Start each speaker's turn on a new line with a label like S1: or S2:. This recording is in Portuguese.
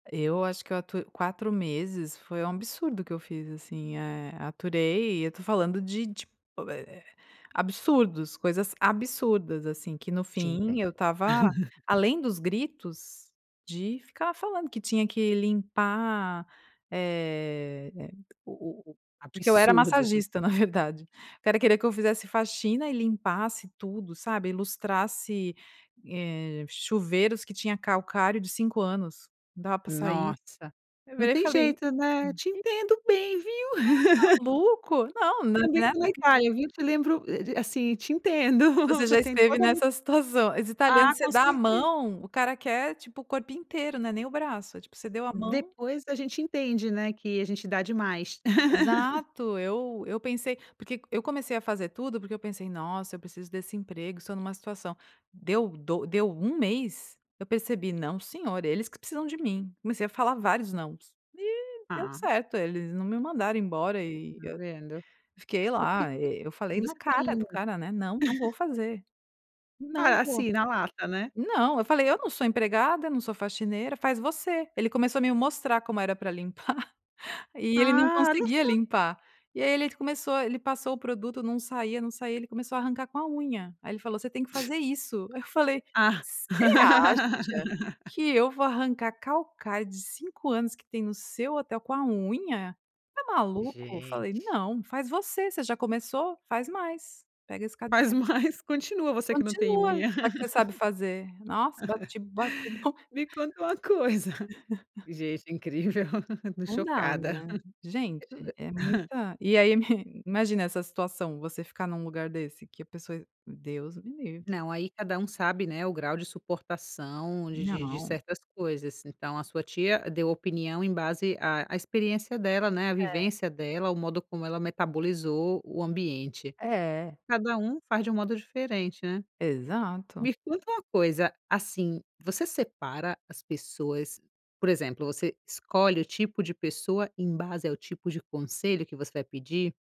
S1: Eu acho que eu atur 4 meses, foi um absurdo que eu fiz assim, eh, aturei e eu estou falando de tip eh eh absurdos, coisas absurdas, assim, que no
S2: Te
S1: fim
S2: entendo.
S1: eu estava além dos gritos, de ficar falando que tinha que limpar, eh, o o o porque eu era
S2: Absurdo isso.
S1: massagista na verdade, o cara querer que eu fizesse faxina e limpasse tudo, sabe, ilustrasse, eh, chuveiros que tinha calcário de 5 anos, não dava para sair.
S2: Nossa.
S1: Eu
S2: Não
S1: virei e
S2: tem
S1: falei:"
S2: jeito, né. Te
S1: [unintelligible]
S2: entendo bem, viu.
S1: tá maluco? Não.
S2: Também, pela
S1: [unintelligible]
S2: Itália, viu. Eu meio que lembro d d assim, te entendo.
S1: Você
S2: Você
S1: já
S2: tem
S1: esteve
S2: toda
S1: nessa situação. Os
S2: Ah,
S1: italianos, você
S2: com
S1: dá a
S2: certe
S1: mão, o cara quer, tipo, o corpo inteiro. Não é nem o braço, tipo, você deu a mão.
S2: Depois, a gente entende, né, que a gente dá demais.
S1: Exato. Eu eu pensei porque eu comecei a fazer tudo porque eu pensei: "Nossa, eu preciso desse emprego, estou numa situação" Deu do deu 1 mês, eu percebi não, senhor, eles que precisam de mim. Comecei a falar vários "nãos" e, deu
S2: Ah.
S1: certo, eles não me mandaram embora e
S2: Tá
S1: eu
S2: vendo.
S1: fiquei
S2: O que
S1: lá.
S2: que
S1: Eu falei na
S2: você
S1: cara
S2: tem
S1: do cara, né: "Não, não vou fazer, não
S2: Ah,
S1: vou."
S2: assim, na lata, né?
S1: Não, eu falei: "Eu não sou empregada, não sou faxineira, faz você." Ele começou a me mostrar como era pra limpar e ele não
S2: Ah, olha
S1: conseguia
S2: só.
S1: limpar, e aí, ele começou ele começou ele passou o produto, não saía, não saía, ele começou a arrancar com a unha aí ele falou: "Você tem que fazer isso." Aí eu falei:
S2: Ah!
S1: "Você acha que eu vou arrancar calcário de 5 anos que tem no seu hotel com a unha? Está maluco?" Eu falei:
S2: Gente.
S1: "Não. Faz você. Você já começou, faz mais, pega esse"
S2: Faz
S1: [unintelligible]
S2: mais. Continua, você que não tem
S1: "continua,
S2: unha.
S1: já que você sabe fazer." Nossa bati bati. [unintelligible]
S2: Me conta uma coisa Gente incrível, estou
S1: Não dá, né.
S2: chocada.
S1: Gente, é
S2: E e
S1: muita e aí, imagina essa situação, você ficar num lugar desse? Que a pessoa Deus me livre!
S2: Não, aí cada um sabe, né, o grau de suportação de de de
S1: Não.
S2: certas coisas. Então, a sua tia deu opinião em base à experiência dela, né, a
S1: É.
S2: vivência dela, o modo como ela metabolizou o ambiente.
S1: É.
S2: Cada um faz de um modo diferente, né.
S1: Exato.
S2: Me conta uma coisa, assim, você separa as pessoas, por exemplo, você escolhe o tipo de pessoa em base ao tipo de conselho que você vai pedir?